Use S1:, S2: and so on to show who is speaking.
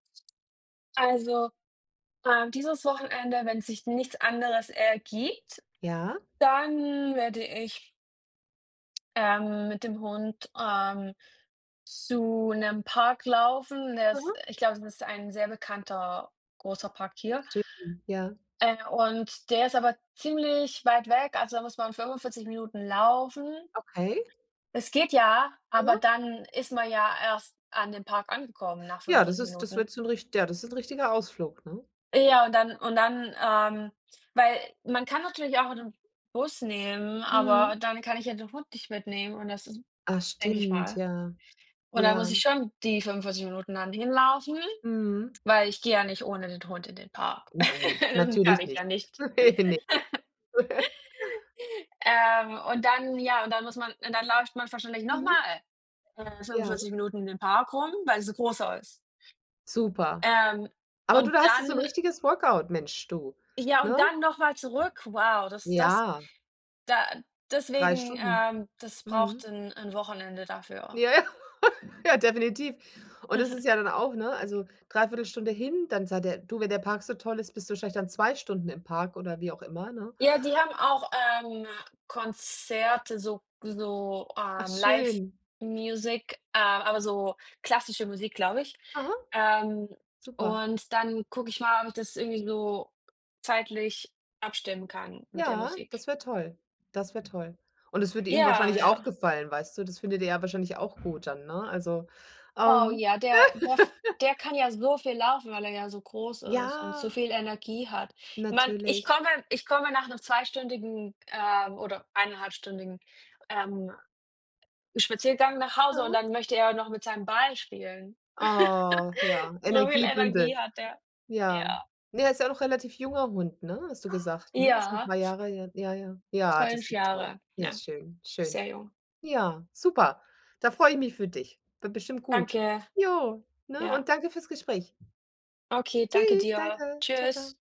S1: Also, ähm, dieses Wochenende, wenn sich nichts anderes ergibt,
S2: Ja.
S1: dann werde ich ähm, mit dem Hund, ähm, zu 'nem Park laufen. Der ist
S2: Aha.
S1: ich glaube, das ist ein sehr bekannter, großer Park hier.
S2: Schön, ja.
S1: Äh, und der ist aber ziemlich weit weg, also da muss man 45 Minuten laufen.
S2: Okay.
S1: Es geht ja, aber
S2: Aha.
S1: dann ist man ja erst an dem Park angekommen nach
S2: Ja, das
S1: 45
S2: ist das
S1: Minuten.
S2: wird so 'n rich ja, das ist 'n richtiger Ausflug, ne?
S1: Ja, und dann und dann ähm, weil man kann natürlich auch einen Bus nehmen,
S2: Mhm.
S1: aber dann kann ich ja den Hund nicht mitnehmen und das ist
S2: Ah,
S1: denke ich
S2: stimmt,
S1: mal.
S2: ja.
S1: Und dann muss
S2: Ja.
S1: ich schon die Minuten dann hinlaufen,
S2: Mhm.
S1: weil ich gehe ja nicht ohne den Hund in den Park.
S2: Nein,
S1: Das kann
S2: natürlich
S1: ich ja
S2: nicht.
S1: nicht.
S2: Ne, ne.
S1: Ähm, und dann ja, und dann muss man und dann läuft man wahrscheinlich noch
S2: Mhm.
S1: mal, äh,
S2: Ja.
S1: fünfundvierzig Minuten in dem Park rum, weil es 'n großer ist.
S2: Super.
S1: Ähm,
S2: Aber du,
S1: und
S2: da hast du so 'n
S1: dann
S2: richtiges Workout, Mensch du,
S1: Ja,
S2: ne?
S1: und dann noch mal zurück. Wow, das das
S2: Ja.
S1: da
S2: 3
S1: deswegen,
S2: Stunden.
S1: ähm, das braucht
S2: Mhm.
S1: 'n 'n Wochenende dafür.
S2: Ja, ja. Ja, definitiv. Und das ist ja dann auch, ne also 3/4 Stunde hin, dann seid ihr du, wenn der Park so toll ist, bist du vielleicht dann 2 Stunden im Park oder wie auch immer, ne?
S1: Ja, die haben auch, ähm, Konzerte so so,
S2: Ach,
S1: ähm,
S2: schön.
S1: Live-Music, äh, aber so klassische Musik, glaube ich.
S2: Aha,
S1: Ähm,
S2: super.
S1: und dann gucke ich mal, ob ich das irgendwie so zeitlich abstimmen kann mit der
S2: Ja,
S1: Musik.
S2: das wäre toll das wär toll. Und es würde ihm
S1: Ja,
S2: wahrscheinlich auch
S1: ja.
S2: gefallen, weißt du? Das findet er ja wahrscheinlich auch gut dann, ne? Also,
S1: Oh,
S2: ähm.
S1: ja, der [unintelligible] f der kann ja so viel laufen, weil er ja so groß ist und so
S2: Ja.
S1: viel Energie hat. Man ich
S2: Natürlich.
S1: komme ich komme nach 'nem zweistündigen ähm, oder eineinhalbstündigen, ähm, Spaziergang nach Hause und
S2: Aha.
S1: dann möchte er noch mit seinem Ball spielen.
S2: Oh, ja.
S1: So viel
S2: Energiebündel,
S1: Energie hat er.
S2: ja
S1: Ja.
S2: er ist ja auch noch 'n relativ junger Hund, ne hast du gesagt, ne? Ist 'n
S1: Ja.
S2: paar Jahre, ja, ja ja, das
S1: 5
S2: ist doch toll,
S1: Jahre.
S2: ja,
S1: Ja,
S2: schön, schön.
S1: sehr jung.
S2: Ja, super, da freue ich mich für dich, wird bestimmt gut.
S1: Danke,
S2: Ja, ne?
S1: ja.
S2: Und danke fürs Gespräch.
S1: Okay, danke
S2: Tschüss,
S1: dir,
S2: danke, ciao ciao.
S1: tschüss.